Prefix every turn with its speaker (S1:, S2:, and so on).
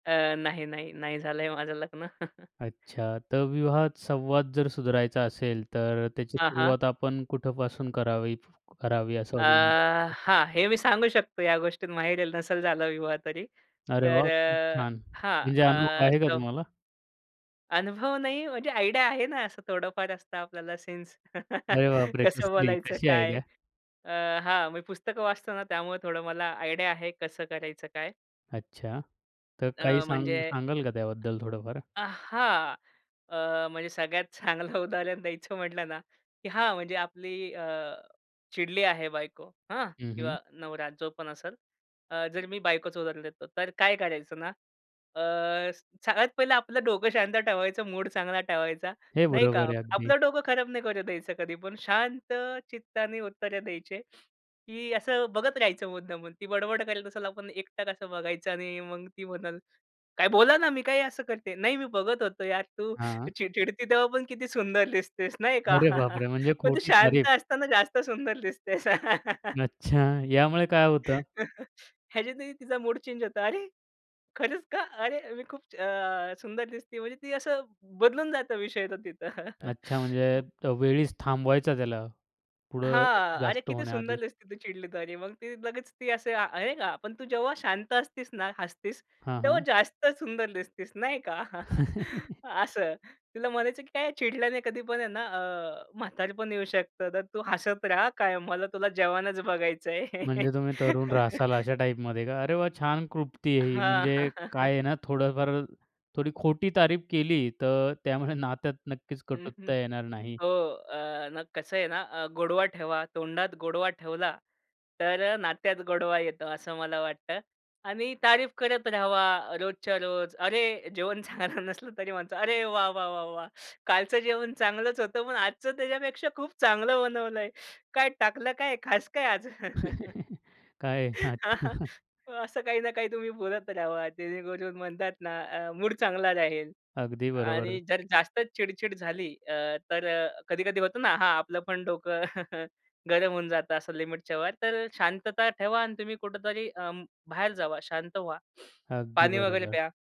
S1: अ, नाही, नाही, नाही, झालंय माझं लग्न.
S2: अच्छा, तर विवाहात संवाद जर सुधारचा असेल, तर अ, त्याची
S1: हां, हां.
S2: सुरुवात आपण कुठपासून करावी करावी असं
S1: अ,
S2: तुम्हाला वाटतं?
S1: हां, हे मी सांगू शकतो, या गोष्टीत माहिर आहे, नसल झालं विवाह तरी.
S2: अरे
S1: तर
S2: वाह! खूप
S1: अ,
S2: छान,
S1: हां,
S2: म्हणजे अनुभव
S1: अ
S2: आहे का
S1: [unintelligible]
S2: तुम्हाला?
S1: अनुभव नाही, म्हणजे आयडिया आहे ना, असं थोडंफार असतं आपल्याला सेन्स.
S2: अरे बापरे!
S1: कसं
S2: कसली,
S1: बोलायचं
S2: कशी
S1: काय?
S2: आयडिया?
S1: अ, हां. मी पुस्तकं वाचतो ना त्यामुळे थोडं मला आयडिया आहे कसं करायचं, काय?
S2: अच्छा. तर काही
S1: अ, म्हणजे
S2: सांग सांगाल का त्याबद्दल थोडंफार?
S1: अ, हां. अ, म्हणजे सगळ्यात चांगलं उदाहरण द्यायचं म्हटलं ना की हां, म्हणजे आपली अ चिडली आहे बायको हं
S2: हं, हं.
S1: किंवा नवरा जो पण असेल. अ, जर मी बायकोच उदाहरण देतो तर काय करायचं ना? अ, सगळ्यात पहिलं आपलं डोकं शांत ठेवायचं मूड चांगला ठेवायचा
S2: हे
S1: नाही का.
S2: बरोबर आहे अगदी.
S1: आपलं डोकं खराब नाही करुन द्यायचं कधी पण, शांत चित्ताने उत्तरं द्यायचे. की असं बघत राहायचं मुद्दामून ती बडबड करेल असेल आपण एकटक असं बघायचं आणि मग ती म्हणलं, "काय बोला ना, मी काय असं करते?" "नाही, मी बघत होतो यार तू
S2: हां.
S1: चिड चिडती तेव्हापण किती सुंदर दिसतेस," नाही का.
S2: अरे बापरे! म्हणजे
S1: पण तू
S2: खोटी तारीफ.
S1: शांत असताना जास्त सुंदर दिसतेस.
S2: अच्छा. यामुळे काय होतं?
S1: ह्याच्यातही तिचा मूड चेंज होता. "अरे खरंच का? अरे मी खूप छा अ, सुंदर दिसते." म्हणजे ती असं बदलून जातं विषय तो तिथं.
S2: अच्छा, म्हणजे
S1: हं.
S2: त वेळीच थांबवायचं त्याला पुढं
S1: "हां, अरे
S2: जास्त
S1: किती
S2: होण्याआधी.
S1: सुंदर दिसते तू चिडली तरी," मग ती लगेच ती असे, नाही का. पण तू जेव्हा शांत असतीस ना, हसतीस
S2: हां,
S1: तेव्हा
S2: हां.
S1: जास्त सुंदर दिसतीस नाही का. असं. तुला म्हणायचं की "काय चिडल्याने कधी पण अ, आहे ना, अ, म्हातारपण येऊ शकतं, तर तू हसत रहा कायम मला तुला जवानच बघायचंय."
S2: म्हणजे तुम्ही तरुण राहशाल अशा टाइपमध्ये का? अरे वाह! छान क्लृप्ती आहे ही.
S1: हां.
S2: म्हणजे काय आहे ना थोडंफार थोडी खोटी तारीफ केली तर त्यामुळे नात्यात नक्कीच
S1: हं, हं.
S2: कटुता येणार नाही.
S1: हो. अ, मग कसं आहे ना, अ, गोडवा ठेवा. तोंडात गोडवा ठेवला, तर अ, नात्यात गोडवा येतो असं मला वाटतं आणि तारीफ करत रहावा रोजच्या रोज. अरे, जेवण चांगलं नसलं तरी म्हणतो, "अरे, वाह, वाह, वाह, वाह! कालचं जेवण चांगलंच होतं, पण आजचं त्याच्यापेक्षा खूप चांगलं बनवलंय, काय टाकलं काय खास काय आज?"
S2: काय आहे? अच्छा.
S1: अ, असं काही ना काही तुम्ही बोलत रहावा जेणेकरून म्हणतात ना, अ, मूड चांगला राहील
S2: अगदी
S1: आणि
S2: बरोबर.
S1: जर जास्त चिड-चिड झाली अ, तर अ, कधी-कधी होतं ना हां, आपलं पण डोकं गरम होऊन जातं असं लिमिटच्यावर, तर शांतता ठेवा आणि तुम्ही कुठेतरी अं, बाहेर जावा शांत व्हा.
S2: अगदी
S1: पाणी वगैरे
S2: बरोबर.
S1: प्या.